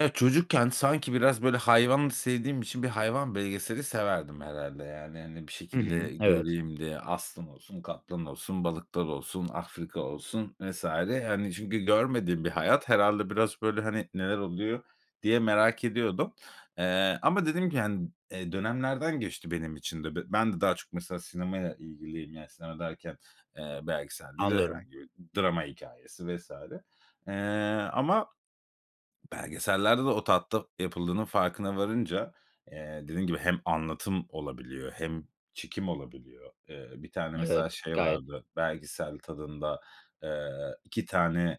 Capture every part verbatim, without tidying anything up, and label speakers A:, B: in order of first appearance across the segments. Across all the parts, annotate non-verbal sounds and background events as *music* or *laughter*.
A: Ya çocukken, sanki biraz böyle hayvan sevdiğim için, bir hayvan belgeseli severdim herhâlde, yani. Hani bir
B: Hı hı,
A: şekilde
B: evet.
A: göreyim diye. Aslan olsun, kaplan olsun, balıklar olsun, Afrika olsun vs. hani çünkü görmediğim bir hayat. Herhâlde biraz böyle, hani, neler oluyor diye merak ediyordum, eee, ama dediğim gibi, hani, dönemlerden geçti benim için de. Ben de daha çok, mesela, sinemaya ilgiliyim. Yani sinema derken, eee, belgesel değil de
B: Anlıyorum.
A: herhangi bir drama hikâyesi vs. eee, ama belgesellerde de o tatta yapıldığının farkına varınca, eee, dediğim gibi hem anlatım olabiliyor hem çekim olabiliyor. Eee, bir tane, mesela,
B: Evet,
A: şey
B: gayet.
A: vardı belgesel tadında, eee, iki tane,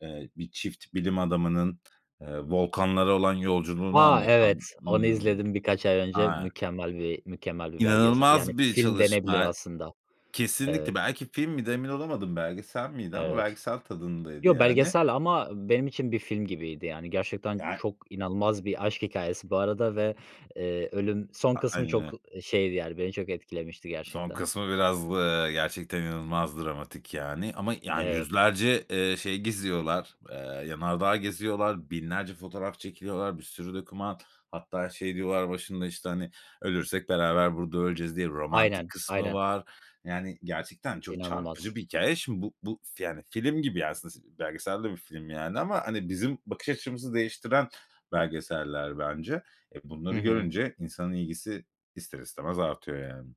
A: eee, bir çift bilim adamının, eee, volkanlara olan yolculuğunu
B: Vay, evet.
A: anlatan,
B: Onu
A: ımm,
B: izledim birkaç ay önce.
A: aaa
B: Mükemmel bir mükemmel bir belgesel. Yani
A: inanılmaz bir
B: film denebilir
A: çalışma.
B: aslında. Evet.
A: Kesinlikle! Belki film miydi? Emin olamadım. Belgesel miydi? Ama
B: Evet.
A: belgesel tadındaydı
B: Yo,
A: yani.
B: belgesel ama benim için bir film gibiydi, yani. Gerçekten
A: *unintelligible*
B: çok inanılmaz bir aşk hikâyesi bu arada ve, eee, ölüm son
A: A
B: kısmı
A: aynen
B: çok,
A: öyle.
B: ı şeydi, yani beni çok etkilemişti
A: Son
B: gerçekten.
A: kısmı biraz, ııı, gerçekten inanılmaz dramatik yani. Ama ya
B: Evet.
A: yüzlerce, eee, şey geziyorlar. Eee, yanardağ geziyorlar. Binlerce fotoğraf çekiliyorlar. Bir sürü doküman. Hatta şey diyorlar başında, işte, hani "Ölürsek beraber burada öleceğiz." diye romantik
B: Aynen,
A: kısmı
B: aynen.
A: var. Yani gerçekten çok çarpıcı
B: İnanılmaz.
A: bir hikâye. Şimdi bu bu fi yani film gibi ya, ası aslı belgesel de bir film yani ama hani bizim bakış açımızı değiştiren belgeseller bence. Eee,
B: Hı
A: bunları
B: hı.
A: görünce insanın ilgisi ister istemez artıyor yani.